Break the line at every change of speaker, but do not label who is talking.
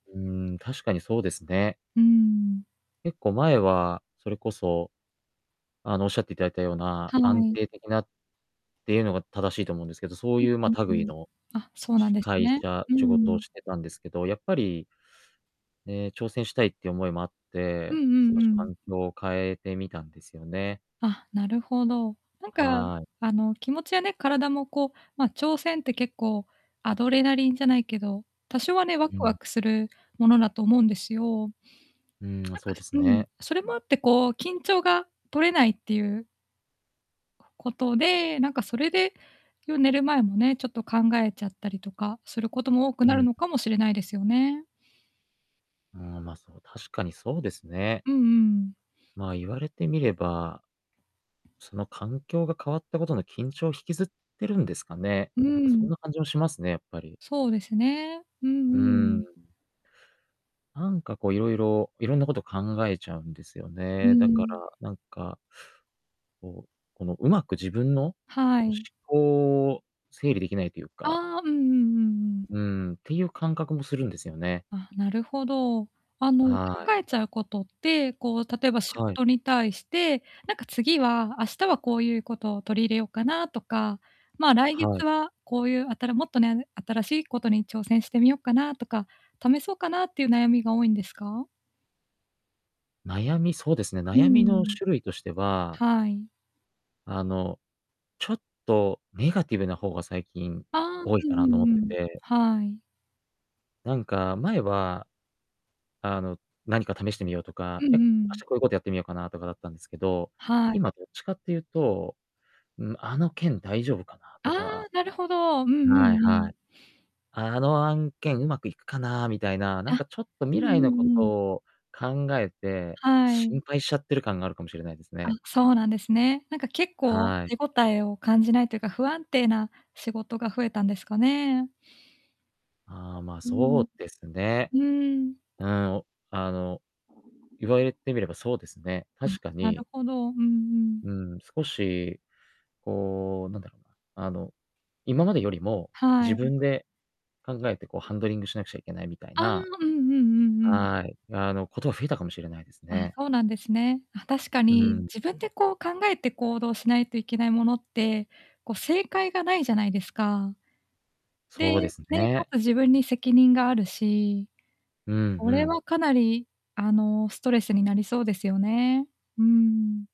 うーん、確かにそうですね。
うーん。
結構前はそれこそ、あの、おっしゃって頂いたような
は
安
い。
定的なっていうのが正しいと思うんですけど、そう
うん
いう、ま、
うん
類
うん。
の
あ、そうなん
し
です
会
ね。
社
うん
仕事
う
を
ん。
してたんですけど、やっぱりね、挑戦したいっていう思いもあっ
う
て、
んうん
少
う
し
ん。
環境を変えてみたんですよね。
あ、なるほど。なんか、
はい。
あの、気持ちやね、体も、こう、ま、挑戦って結構、アドレナリンじゃないけど、多少はね、ワ
う
クワ
ん。
クするものだと思うんですよ。
うーん、あ、
なん
そ
か、
うで
す
す
うん、
ね。
それもあって、こう緊張が取れないっていうことで、なんか、それで夜寝る前もね、ちょっと考えちゃったりとかすることも多く
う
なる
ん。
のかもしれないですよね。
うーん、ま、そう、確かにそうですね。
うんうんうん。
まあ、言われてみれば、その環境が変わったことの緊張、引きずってるんですかね。
うー
なんか、そん
ん。
な感じもしますね、やっぱり。
そうですね。うんう
う
んう
ー
ん。
ん。なんか、こう、色々色んな事考えちゃうんですよ
うー
ね。だか
ん。
ら、なんかこう、この、上手く自分の、
は
お、思
い。
考を整理できないというか
ああ、うんうんうんうん。
うーん、っていう感覚もするんですよね。
あ、なるほど。あの、考
はい。
えちゃうことって、こう、例えば仕
はい。
事に対して、なんか、次は、明日はこういうことを取り入れよっかなとか、ま、来
は
月
い。
はこういうあたらもっとね新しいことに挑戦してみよっかなとか、試そうかなっていう悩みが多いんですか？
悩み、そうですね、
うー
悩みの
ん。
種類としては
はい。
あの、ちょっとネガティブな方が最近
ああ、
多い
う
か
ん
な
う
と思って
んうん、
て
はい。
なんか、前は、あの、何か試してみようと
う
か、え、
ん
明
うん。
日こういうことやってみようかなとかだったんですけど、
はい。
今どっちかっていうと、ん、あの件大丈夫かな
あ
と
あ、
か
なるほど。うんう
はい
んう
は
ん。
い。あの案件上手くいくかなみたいな、何
あ。
かちょっと
うん
未来のこ
うん
と
うん。
を考えて、
は
心
い。
配しちゃってる感があるかもしれないです
あ、
ね。
そうなんですね。なんか結構
はい。
手ごたえを感じないというか、不安定な仕事が増えたんですかね。
ああ、ま、
うー
そ
ん。
うですね。
うーん。
うーん、おあの、言われてみればそうですね。
うん、
確か
なる
に
ほど。うんうん。
うん、少し、こう、なんだろうな、あの、今までよりも、
は
自
い。
分で考えて、こうハンドリングしなくちゃいけないみたい
ああ、
な
うんうんうんうん。
はい。あの、ことが増えたかもしれないです
あ、
ね。
そうなんですね。あ、確か
う
に、
ん。
自分で、こう、考えて行動しないといけないものって、こ、正解がないじゃないですか。で、
そうです
ね、か
ね。
つ自分に責任があるし。
うん
こ
う
れ
ん。
はかなり、あの、ストレスになりそうですよね。うーん。